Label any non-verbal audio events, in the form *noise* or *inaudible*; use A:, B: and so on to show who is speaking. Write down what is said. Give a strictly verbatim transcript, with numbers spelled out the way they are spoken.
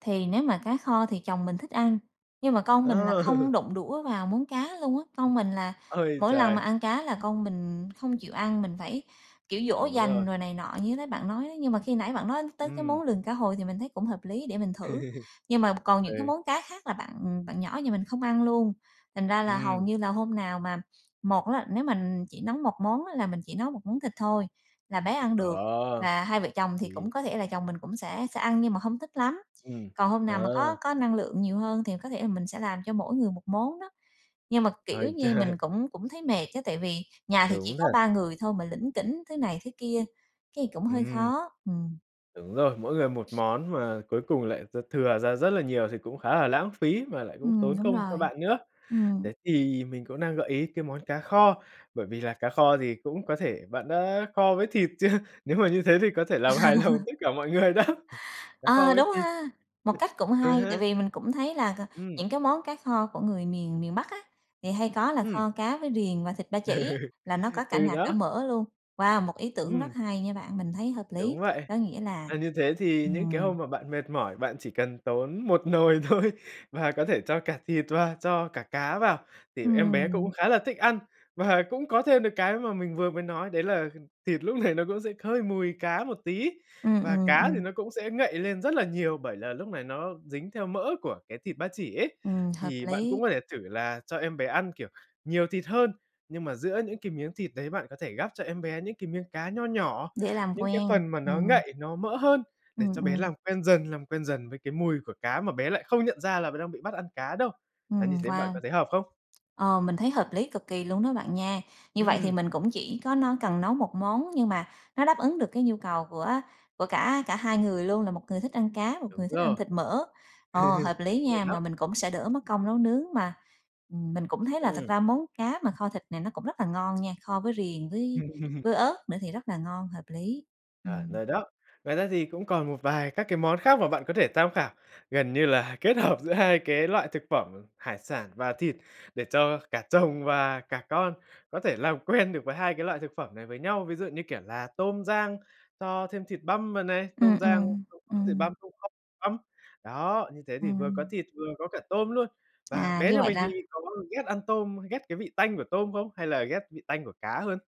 A: Thì nếu mà cá kho thì chồng mình thích ăn, nhưng mà con mình là
B: Ờ.
A: không
B: *laughs*
A: đụng đũa vào món cá luôn á. Con mình là
B: Ôi
A: mỗi lần mà
B: trời!
A: ăn cá là con mình không chịu ăn, mình phải, kiểu, dỗ
B: Đúng rồi.
A: dành rồi này nọ như nãy bạn nói đó. Nhưng mà khi nãy bạn nói tới cái món
B: Ừm.
A: lườn cá hồi thì mình thấy cũng hợp lý, để mình thử.
B: *laughs*
A: Nhưng mà còn những cái
B: Ừ.
A: món cá khác là bạn bạn nhỏ nhà mình không ăn luôn, thành ra là hầu
B: Ừm.
A: như là hôm nào mà một á, nếu mà chỉ nấu một món á là mình chỉ nấu một món thịt thôi, là bé ăn được
B: Ờ.
A: và hai vợ chồng thì
B: Ừm.
A: cũng có thể là chồng mình cũng sẽ sẽ ăn nhưng mà không thích lắm.
B: Ừm,
A: Còn hôm nào mà có
B: ờ.
A: có năng lượng nhiều hơn thì có thể là mình sẽ làm cho mỗi người một món đó. Nhưng mà, kiểu
B: Ôi
A: như,
B: trời!
A: mình cũng cũng thấy mệt á, tại vì nhà thì chỉ
B: Đúng
A: có
B: thật.
A: ba người thôi mà lỉnh kỉnh thứ này thứ kia, cái, cũng hơi
B: Ừm.
A: khó, ừm.
B: Đúng rồi, mỗi người một món mà cuối cùng lại d thừa ra rất là nhiều thì cũng khá là lãng phí mà lại cũng
A: Ừm,
B: tốn
A: đúng
B: công cho
A: rồi.
B: bạn nữa.
A: Ừm.
B: Thế thì mình cũng đang gợi ý cái món cá kho, bởi vì là cá kho thì cũng có thể bạn đã kho với thịt chưa? Nếu mà như thế thì có thể làm hài lòng
A: *laughs*
B: tất cả mọi người đó, cá kho
A: Ờ,
B: với
A: đúng
B: thịt.
A: ha! Một cách cũng
B: Ừ,
A: hay.
B: ha.
A: Tại vì mình cũng thấy là c
B: Ừm.
A: những cái món cá kho của người miền miền Bắc á, thì hay có là
B: Ừm.
A: kho cá với riềng và thịt ba chỉ,
B: Ừ.
A: là nó có cả
B: Ừ,
A: nạc cả
B: đó.
A: mỡ luôn. Wow, một ý tưởng rất
B: Ừm.
A: hay nha bạn, mình thấy hợp
B: Đúng
A: lý.
B: vậy,
A: Có nghĩa là
B: và như thế thì những cái
A: ừm.
B: hôm mà bạn mệt mỏi, bạn chỉ cần tốn một nồi thôi và có thể cho cả thịt và cho cả cá vào thì em bé cũng
A: Ừm.
B: khá là thích ăn. Và cũng có thêm được cái mà mình vừa mới nói đấy là thịt lúc này nó cũng sẽ hơi mùi cá một tí,
A: Ừm,
B: và
A: ừm,
B: cá thì
A: ừm.
B: nó cũng sẽ ngậy lên rất là nhiều bởi là lúc này nó dính theo mỡ của cái thịt ba chỉ ấy.
A: Ừm, hợp
B: Thì bạn cũng
A: lý.
B: có thể thử là cho em bé ăn, kiểu, nhiều thịt hơn, nhưng mà giữa những cái miếng thịt đấy bạn có thể gắp cho em bé những cái miếng cá nho nhỏ.
A: Dễ làm
B: Những cái
A: quen.
B: phần mà nó
A: Ừm,
B: ngậy, nó mỡ hơn để
A: ừm
B: cho bé
A: ừm.
B: làm quen dần, làm quen dần với cái mùi của cá mà bé lại không nhận ra là bé đang bị bắt ăn cá đâu. Là như
A: Ừm,
B: thế bạn
A: wow!
B: có thấy hợp không?
A: Ờ, mình thấy hợp lý cực kỳ luôn đó bạn nha. Như vậy thì
B: Ừm.
A: mình cũng chỉ có nó cần nấu một món nhưng mà nó đáp ứng được cái nhu cầu của của cả cả hai người luôn, là một người thích ăn cá, một
B: Đúng
A: người thích ăn
B: rồi.
A: thịt mỡ. Ồ, hợp
B: *chuckles* Đúng
A: lý
B: vậy
A: nha,
B: đó.
A: mà mình cũng sẽ đỡ mất công nấu nướng mà, ừm, mình cũng thấy là thật
B: Ừm.
A: ra món cá mà kho thịt này nó cũng rất là ngon nha, kho với riềng với
B: *laughs*
A: với ớt nữa thì rất là ngon, hợp lý.
B: À,
A: Ừm.
B: rồi đó. Ngoài ra thì cũng còn một vài các cái món khác mà bạn có thể tham khảo, gần như là kết hợp giữa hai cái loại thực phẩm hải sản và thịt để cho cả chồng và cả con có thể làm quen được với hai cái loại thực phẩm này với nhau. Ví dụ như, kiểu là, tôm rang cho thêm thịt băm vào này,
A: Ừm,
B: tôm rang
A: ừm,
B: xong cho thịt
A: ừm.
B: băm *unintelligible* tôm băm. Đó, như thế thì vừa có
A: Ừm.
B: thịt vừa có cả tôm luôn. Và
A: À,
B: bé
A: như
B: nhà
A: vậy
B: mình thì
A: là
B: có ghét ăn tôm, ghét cái vị tanh của tôm không? Hay là ghét vị tanh của cá hơn?